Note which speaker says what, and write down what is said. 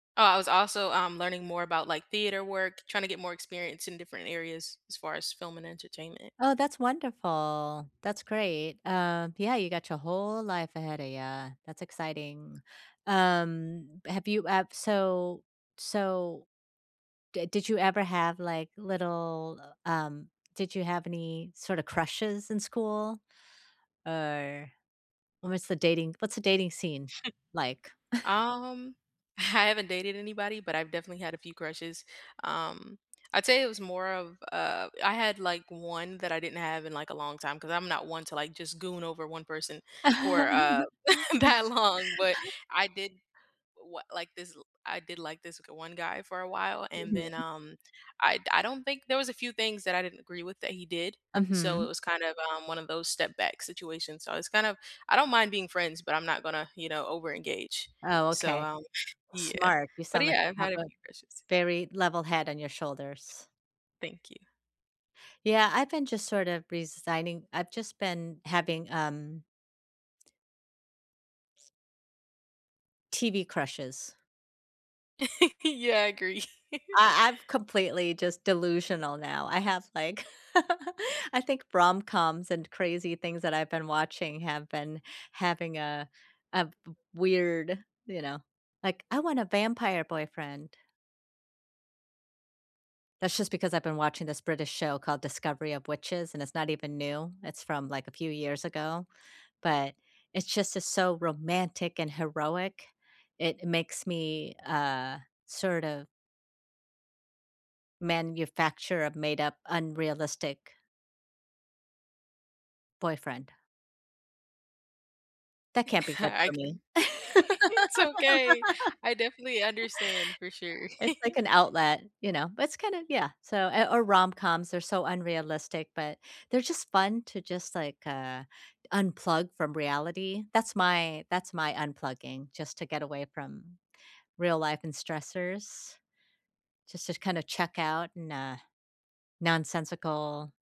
Speaker 1: Oh, I was also, um, learning more about, like, theater work, trying to get more experience in different areas, as far as film and entertainment.
Speaker 2: Oh, that's wonderful. That's great. Um, yeah, you got your whole life ahead of ya, that's exciting. Um, have you ev so so D did you ever have, like, little, uh, um did you have any, sort of, crushes in school? Or, what's the dating What's the dating scene like?
Speaker 1: Um, I haven't dated anybody, but I've definitely had a few crushes. Um, I'd say it was more of, uh I had, like, one that I didn't have in, like, a long time, 'cause I'm not one to, like, just goon over 1 person for, uh, that long, but, I did wa like this l I did like this g 1 guy for a while, and then,
Speaker 2: Mhm.
Speaker 1: um, I d I don't think There was a few things that I didn't agree with that he did. So, it
Speaker 2: Mhm.
Speaker 1: was kind of, um, one of those step back situations, so I was kind of I don't mind being friends, but I'm not gonna, you know, over-engage.
Speaker 2: Oh,
Speaker 1: So,
Speaker 2: okay.
Speaker 1: um Yeah.
Speaker 2: Smart. You
Speaker 1: But,
Speaker 2: sound like
Speaker 1: yeah,
Speaker 2: you
Speaker 1: I've
Speaker 2: have
Speaker 1: had a
Speaker 2: a
Speaker 1: few crushes.
Speaker 2: very level head on your shoulders.
Speaker 1: Thank you.
Speaker 2: Yeah, I've been just, sort of, resigning I've just been having, um TV crushes.
Speaker 1: Yeah, I agree.
Speaker 2: I I've completely just delusional now. I have, like I think rom-coms and crazy things that I've been watching have been having a a w weird, you know like, "I want a vampire boyfriend." That's just because I've been watching this British show called Discovery of Witches, and it's not even new, it's from, like, a few years ago, but, it's just it's so romantic and heroic. It makes me, uh, sort of manufacture a made-up, unrealistic boyfriend. That can't be good
Speaker 1: I
Speaker 2: for
Speaker 1: can
Speaker 2: me.
Speaker 1: It's okay. I definitely understand, for sure.
Speaker 2: It's like an outlet, you know? It's kinda Yeah, so Eh, or rom-coms, they're so unrealistic, but, they're just fun, to just, like, uh, unplug from reality. That's my that's my unplugging, just to get away from real life and stressors. Just to kind of check out, and, uh nonsensical